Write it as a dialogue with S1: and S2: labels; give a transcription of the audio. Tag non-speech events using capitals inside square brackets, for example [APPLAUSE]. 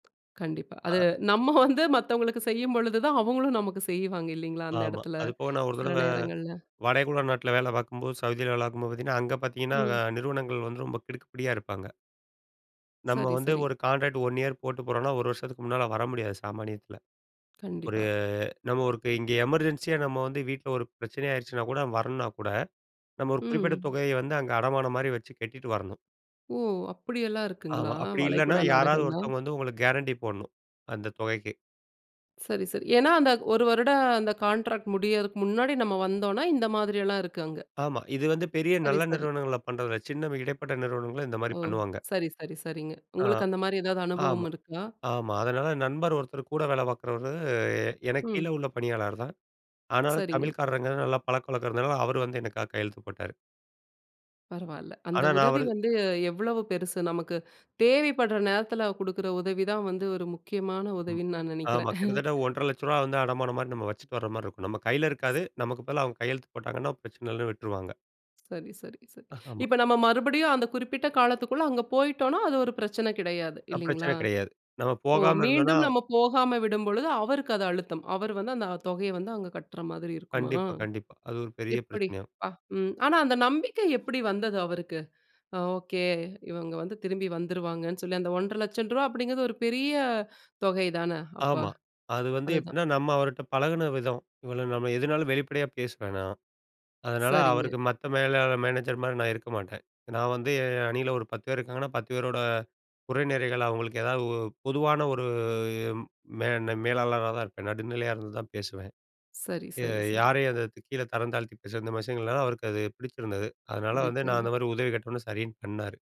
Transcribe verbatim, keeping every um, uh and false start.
S1: கண்டிப்பா. அது
S2: அ.
S1: நம்ம வந்து மத்தவங்களுக்கு செய்யும் பொழுதுதான் அவங்களும் நமக்கு செய்வாங்க இல்லைங்களா? அந்த
S2: ஆமா,
S1: இடத்துல
S2: அது போக நான் ஒரு
S1: சில
S2: தடவ
S1: நேரங்கள்ல.
S2: வடகுழ நாட்ல வேல பார்க்கும்போது சவுதியில வேல பார்க்கும்போது பார்த்தீங்கன்னா, அங்க பார்த்தீங்கன்னா
S1: ம்.
S2: நிறுவனங்கள் வந்து ரொம்ப கிடுக்கு புடியா இருப்பாங்க. நம்ம
S1: சரி,
S2: வந்து
S1: சரி.
S2: ஒரு கான்ட்ராக்ட் ஒன் இயர் போட்டு போறோம்னா, ஒரு வருஷத்துக்கு முன்னால வர முடியாது சாமானியத்துல. ஒரு
S1: கண்டிப்பா.
S2: நம்ம ஒரு இப்ப இங்கே எமர்ஜென்ஸியா நம்ம வந்து வீட்ல ஒரு பிரச்சனை ஆயிடுச்சுனா கூட வரணுனா கூட, நம்ம ஒரு குறிப்பிட்ட
S1: ம்.
S2: தொகைய வந்து அங்க அடமானம் மாரி வச்சு கட்டிட்டு வரணும்.
S1: ஓ! அப்டியெல்லாம்
S2: ஆமா
S1: இருக்குங்களா
S2: அப்டி இல்லன்னா,
S1: வளைகுடா
S2: யாராது
S1: நாடுகள்ல?
S2: ஒருத்தவங்க வந்து உங்களுக்கு கேரண்டி போடணும் அந்த தொகைக்கு.
S1: சரி, சரி. ஏன்னா, அந்த ஒரு வருடம் அந்த கான்ட்ராக்ட் முடியறதுக்கு முன்னாடி நம்ம வந்தோம்னா இந்த மாதிரி எல்லாம் இருக்கு அங்க?
S2: ஆமா, இது வந்து பெரிய
S1: சரி,
S2: நல்ல
S1: சரி.
S2: நிறுவனங்கள் பண்றது இல்ல. சின்ன இடைப்பட்ட நிறுவனங்கள இந்த மாரி
S1: ஓ!
S2: பண்ணுவாங்க.
S1: சரி, சரி, சரிங்க.
S2: ஆ,
S1: உங்களுக்கு அந்த மாரி ஏதாவது
S2: ஆமா
S1: அனுபவம் இருக்கா?
S2: ஆமா. அதனால நண்பர் ஒருத்தர் கூட வேல பார்க்குறவரு எனக்கு கீழ
S1: ம்.
S2: உள்ள பணியாளர் தான். ஆனா,
S1: சரிங்க.
S2: தமிழ்க்காரங்க நல்லா பழக்கவழக்கம் இருந்தனால அவரு வந்து எனக்காக கையெழுத்து போட்டாரு.
S1: பரவால்ல. அந்த
S2: ஆனா நான்
S1: உதவி
S2: அவரு
S1: வந்து எவ்வளவு பெருசு! நமக்கு தேவைப்பட்ற நேரத்தில குடுக்கிற உதவி தான் வந்து ஒரு முக்கியமான
S2: ம்.
S1: உதவின்னு நான்
S2: ஆமா
S1: நெனைக்கிறேன்.
S2: கிட்டத்தட்ட
S1: [CHUCKLES]
S2: ஒன்றரை லட்சம் ரூவா வந்து அடமானம் மாரி வச்சிட்டு வர மாரி இருக்கும். நம்ம கையில இருக்காது. நமக்கு பதிலா அவங்க
S1: அ.
S2: கையெழுத்து போட்டாங்கன்னா, பிரச்சனை இல்லன்னு விட்ருவாங்க.
S1: சரி, சரி, சரி.
S2: ஆமா.
S1: இப்ப நம்ம மறுபடியும் அந்த குறிப்பிட்ட காலத்துக்குள்ள அங்க போய்ட்டோன்னா, அது ஒரு பிரச்சனை கிடையாது
S2: அ
S1: இல்லைங்களா?
S2: பிரச்சனை கிடையாது. நம்ம
S1: ஓ!
S2: போகாம இருந்தோம்ன
S1: மீண்டும் நம்ம போகாம விடும்பொழுது அவருக்கு அது அழுத்தம். அவரு வந்து அந்த தொகைய வந்து அங்க கட்ற மாதிரி இருக்குமா?
S2: கண்டிப்பா, கண்டிப்பா. அது ஒரு பெரிய
S1: எப்டி
S2: பிரச்சனையாகும்.
S1: ப்பா! ம். ஆனா, அந்த நம்பிக்கை எப்டி வந்தது அவருக்கு? அ ஓகே இவங்க வந்து திரும்பி வந்துருவாங்கன்னு சொல்லி அந்த ஒன்றரை லட்சம் அப்டிங்கித ஒரு பெரிய தொகை தான அப்ப
S2: ஆமா, அது வந்து
S1: அதுதான்.
S2: எப்டின்னா, நம்ம அவருட்ட பழகுன விதம். இவ்வளோ நம்ம எதுனாலும் வெளிப்படையா பேசுவேன் நான். அதனால
S1: சரிங்க.
S2: அவருக்கு மத்த மேலாளர் மேனேஜர் மாரி நான் இருக்க மாட்டேன். நான் வந்து என் அணியில ஒரு பத்து பேர் இருக்காங்கன்னா பத்து பேரோட குறை நிறைகள் அவங்களுக்கு ஏதாவது உ பொதுவான ஒரு மேன்ன மேலாளரா தான் இருப்பேன். நடுநிலையா இருந்துதான் பேசுவேன்.
S1: சரி,
S2: ய
S1: சரி, சரி.
S2: யாரையும் கீழ தரம் தாழ்த்தி பேசுற விஷயங்கள் அவருக்கு அது பிடிச்சிருந்தது. அதனால வந்து நான் அந்த மாரி
S1: [UNINTELLIGIBLE]
S2: உதவி கேட்டோனே சரின்னு பண்ணாரு.